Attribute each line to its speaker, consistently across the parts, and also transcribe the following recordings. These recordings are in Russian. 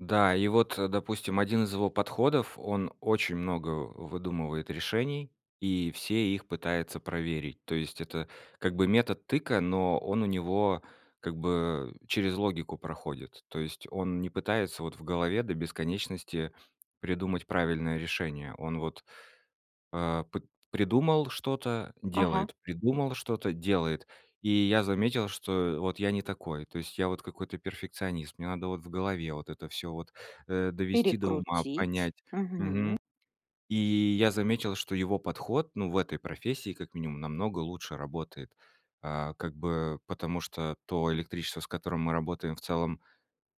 Speaker 1: Да, и вот, э, допустим, один из его подходов: он очень много выдумывает решений и все их пытается проверить. То есть это как бы метод тыка, но он у него как бы через логику проходит. То есть он не пытается вот в голове до бесконечности придумать правильное решение. Он вот, э, п придумал что-то-
Speaker 2: Ага.
Speaker 1: делает, придумал что-то- делает. И я заметил, что вот я не такой. То есть я вот какой-то перфекционист, мне надо вот в голове, вот это всё, вот, э, довести до ума,
Speaker 2: Перекрутить.
Speaker 1: понять.
Speaker 2: Мгм.
Speaker 1: Мгм. И я заметил, что его подход, ну, в этой профессии как минимум намного лучше работает. Э, как бы потому, что то электричество, с которым мы работаем в целом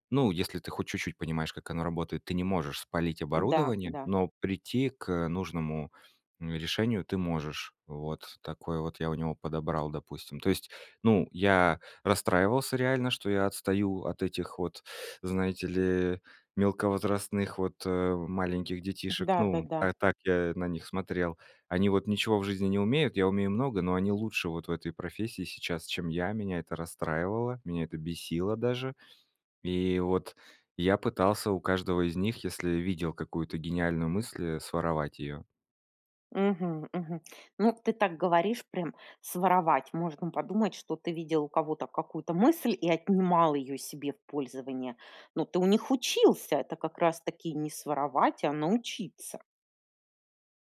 Speaker 1: ну, если ты хоть чуть-чуть понимаешь, как оно работает, ты не можешь спалить
Speaker 2: Да
Speaker 1: оборудование,
Speaker 2: да.
Speaker 1: но прийти к, э, нужному решению ты можешь. Вот такой вот я у него подобрал, допустим То есть, ну, я расстраивался реально, что я отстаю от этих вот, знаете ли, мелковозрастных, вот, э, маленьких детишек. Ну,
Speaker 2: Да-да-да.
Speaker 1: а так я на них смотрел. Они вот ничего в жизни не умеют, я умею много, но они лучше вот в этой профессии сейчас, чем я. Меня это расстраивало, меня это бесило даже. И вот я пытался у каждого из них, если видел какую-то гениальную мысль, своровать её.
Speaker 2: Мгм мгм. Ну, ты так говоришь, прям своровать. Можно подумать, что ты видел у кого-то какую-то мысль и отнимал её себе в пользование. Но ты у них учился. Это как раз-таки не своровать, а научиться.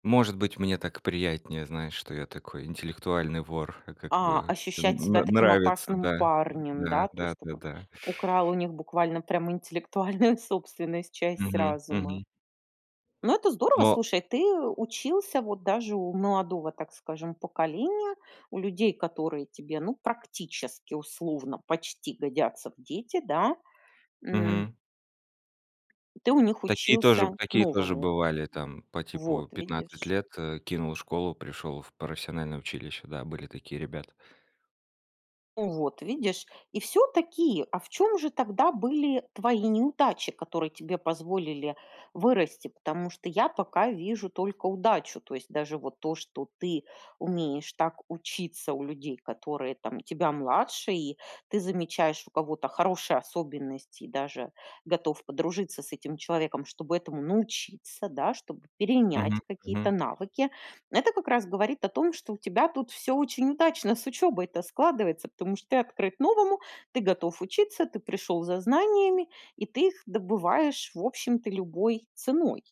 Speaker 1: Может быть, мне так приятнее знать, что я такой интеллектуальный вор, как
Speaker 2: А,
Speaker 1: бы. Н
Speaker 2: ощущать себя
Speaker 1: н
Speaker 2: таким
Speaker 1: нравится,
Speaker 2: опасным
Speaker 1: да н
Speaker 2: парнем,
Speaker 1: Да,
Speaker 2: да, то есть
Speaker 1: да-да-да.
Speaker 2: украл у них буквально прям интеллектуальную собственность, часть
Speaker 1: Мгм.
Speaker 2: разума.
Speaker 1: Мгм.
Speaker 2: Ну, это здорово.
Speaker 1: Но
Speaker 2: Слушай, ты учился вот даже у молодого, так скажем, поколения, у людей, которые тебе, ну, практически, условно почти годятся в дети, да? М
Speaker 1: Мгм.
Speaker 2: Ты у них
Speaker 1: Такие тоже
Speaker 2: учился
Speaker 1: такие тоже
Speaker 2: новому.
Speaker 1: бывали. Там по типу
Speaker 2: Вот
Speaker 1: 15
Speaker 2: видишь.
Speaker 1: лет, э, кинул школу, пришёл в профессиональное училище. Да, были такие ребята.
Speaker 2: Вот видишь. И всё-таки, а в чём же тогда были твои неудачи, которые тебе позволили вырасти? Потому что я пока вижу только удачу. То есть даже вот то, что ты умеешь так учиться у людей, которые там тебя младше, и ты замечаешь у кого-то хорошие особенности, и даже готов подружиться с этим человеком, чтобы этому научиться, да, чтобы
Speaker 1: Мгм
Speaker 2: перенять какие-то
Speaker 1: мгм.
Speaker 2: навыки. Это как раз говорит о том, что у тебя тут всё очень удачно с учебой то складывается. Потому что ты открыт новому, ты готов учиться, ты пришёл за знаниями и ты их добываешь, в общем-то, любой ценой.